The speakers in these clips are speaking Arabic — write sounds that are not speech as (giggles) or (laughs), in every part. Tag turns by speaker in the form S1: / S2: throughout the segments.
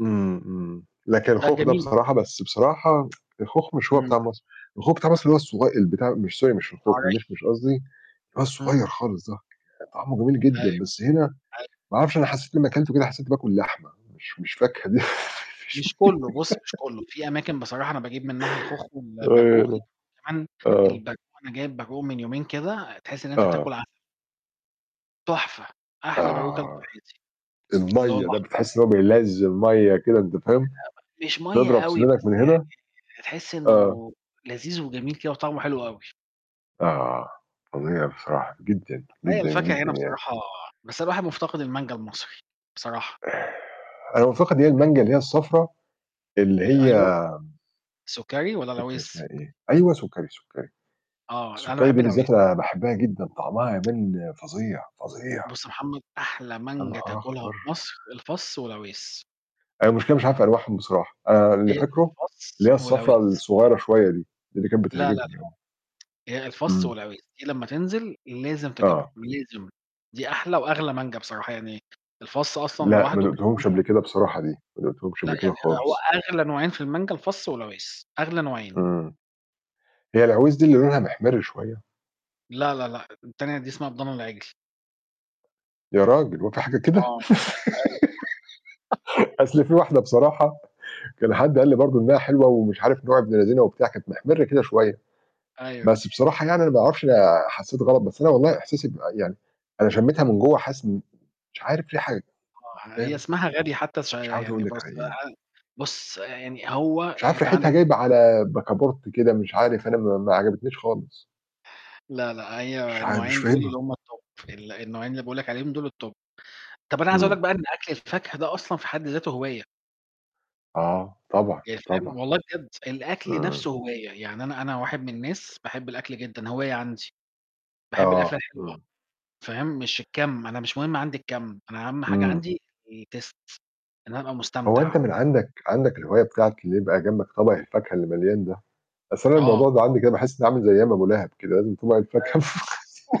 S1: إمم، إمم. لكن
S2: ده
S1: الخوخ ده
S2: جميل خ
S1: بصراحة بس بصراحة (tsk) الخوخ مش هو
S2: إمم.
S1: بتاع مصر، الخوخ بتاع مصر اللي هو الصغ البتاع مش sorry مش الخوخ،
S2: طرية.
S1: المِشمِش قصدي اللي هو الصغيّر
S2: إمم.
S1: خالص ده، طعمه جميل
S2: أيوه.
S1: جدًا، بس هنا
S2: أيوه.
S1: ما أعرفش أنا حسّيت لمّا كلته كده حسّيت باكل لحمة، مش مش فاكهة دي، مش
S2: مش كُلّه، بُصّ، مش كُلّه،
S1: (giggles)
S2: في أماكن بصراحة أنا باجيب منّها الخوخ والبرقوق،
S1: (unintelligible)
S2: كمان
S1: آه.
S2: البرقوق، أنا جايب برقوق من يومين كده، تحِس إن أنت
S1: آه.
S2: بتاكُل عسل. تُحفة، أحلى برقوق كلته في
S1: آه،
S2: حياتي. اللي هو
S1: المَيّة، ده
S2: الأحمر
S1: بتحِس إن
S2: ده.
S1: هو بينزِّل مَيّة كده، أنت فاهم؟
S2: (unintelligible) مش مَيّة
S1: تضرب
S2: أوي،
S1: سِنانَك من
S2: بس يعني
S1: هنا
S2: تحِس
S1: آه.
S2: إنه لذيذ وجميل كده وطعمه حلو أوي.
S1: آه، فظيع بصراحة جدًا،
S2: هي
S1: جدًا،
S2: الفاكهة
S1: جدًا
S2: هنا
S1: يعني.
S2: بصراحة بس أنا الواحد مُفتقد المانجا المصري، بصراحة.
S1: أنا مفتقد اللي هي المانجا اللي هي الصفرا، اللي
S2: ال أيوه،
S1: هي
S2: سُكَّري والَّا
S1: مش فاكر اسمها
S2: العويس؟
S1: إيه. أيوه، سُكّري، سُكّري.
S2: آه، أنا
S1: السُكّري
S2: باحب
S1: دي
S2: العويس.
S1: بالذات أنا باحبّها جدًا، طعمها
S2: (tsk)
S1: يبان فظيع، فظيع.
S2: بُصّ يا محمد، أحلى
S1: يا
S2: مانجا
S1: نهار
S2: تاكُلها
S1: أخبَر!
S2: في مصر، الفَصّ والعويس.
S1: أنا المشكلة مش عارف أنواعهم بصراحة، أنا اللي
S2: هي
S1: فاكرُه اللي
S2: الفَصّ
S1: هي الصفرا
S2: والعويس.
S1: الصغيرة شوية دي، دي اللي كانت
S2: لا، لا، لأ.
S1: بتعجبني (unintelligible)
S2: هي الفَصّ
S1: إمم.
S2: والعويس، دي لمّا تنزل لازم تجيبهم،
S1: آه.
S2: لازم دي أحلى وأغلى مانجا بصراحة يعني الفَصّ أصلًا
S1: لأ، ما
S2: لوحدُه كان
S1: دُقتهمش قبل
S2: مثلًا
S1: كده بصراحة دي، ما دُقتهمش
S2: لأ،
S1: قبل كده
S2: يعني هو
S1: خالص.
S2: أغلى نوعين في المانجا الفَصّ والعويس، أغلى نوعين.
S1: إمم، هي العويس دي اللي لونها مِحْمِرّ شوية؟
S2: لا، لا، لأ. التانية دي اسمها بضان العِجْل.
S1: يا راجل، هو في حاجة كده؟!
S2: آه، أيوه. أيوه. (laughs)
S1: (laughs) أصل فيه واحدة بصراحة، كان حد قال لي برضه إنها حلوة ومش عارف نوع ابن لذينة وبتاع، كانت مِحْمِرّة كده شوية،
S2: أيوه.
S1: بس بصراحة يعني أنا ما أعرفش، أنا حسّيت غلط، بس أنا والله إحساسي بيبقى يعني أنا شمّيتها من جوّه حاسس إن مش عارف فيه حاجة، مش
S2: آه، هي
S1: فاهم.
S2: اسمها غبي حتّى ش
S1: مش عاوز أقول
S2: يعني
S1: لك
S2: بُصّ
S1: على إيه.
S2: (unintelligible) بُصّ، يعني هو
S1: مش
S2: يعني
S1: عارف
S2: أنت
S1: ريحتها
S2: عندك ال
S1: جايبة على بَكَابُورت كده، مش عارف، أنا م ما عجبتنيش خالص.
S2: لا، لأ،
S1: مش
S2: هي
S1: عار مش
S2: النوعين دُول اللي
S1: فاهمها.
S2: هم الTop، ال النوعين اللي باقول لك عليهم دُول الTop. طَب أنا عايز أقول لك
S1: إمم.
S2: بقى إن أكل الفاكهة ده أصلًا في حد ذاتُه هواية.
S1: آه، طبعًا،
S2: يعني
S1: طبعًا.
S2: فاهم؟ والله بجد الأكل
S1: إمم.
S2: نَفْسُه هواية، يعني أنا أنا واحد من الناس باحب الأكل جدًا، هواية عندي، باحب الأكلة
S1: آه،
S2: الحلوة،
S1: إمم.
S2: فاهم، مش الكَمّ، أنا مش مهم عندي الكَم، أنا أهَم حاجة
S1: إمم.
S2: عندي الTaste، إن أنا أبقى
S1: هو أنت
S2: مستمتع.
S1: من عندك عندك الهواية بتاعة اللي يبقى جنبك طَبَق الفاكهة اللي مليان ده؟ أصل أنا
S2: آه.
S1: الموضوع ده عندي كده باحِس إنّي عامل زي أيام أبو لَهَب كده، لازم طَبَق الفاكهة.
S2: أيوه.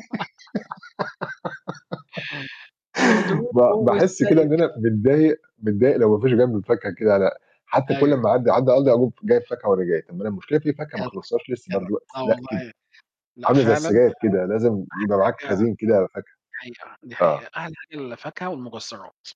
S2: (laughs)
S1: ب
S2: نضربهُ
S1: باحِس كده إن
S2: بالسيف.
S1: أنا متضايق متضايق لو ما فيش جانبي الفاكهة كده لأ، حتّى كُلّ
S2: أيوه.
S1: أمّا أعدّي، أعدّي (unintelligible) أقوم جايب فاكهة وأنا جاي، طَب ما أنا المشكلة في فاكهة ما
S2: جدع،
S1: خلّصتهاش لسّه
S2: جدع
S1: برضه (tsk)
S2: آه
S1: لأ كده،
S2: والله، لأ
S1: عاملة زي
S2: فعلًا،
S1: السجاير كده، لازم يبقى معاك
S2: فعلًا أحلى حاجة
S1: خزين كده فاكهة،
S2: دي حقيقة، دي حقيقة.
S1: آه.
S2: أحلى حاجة الفاكهة والمكسّرات.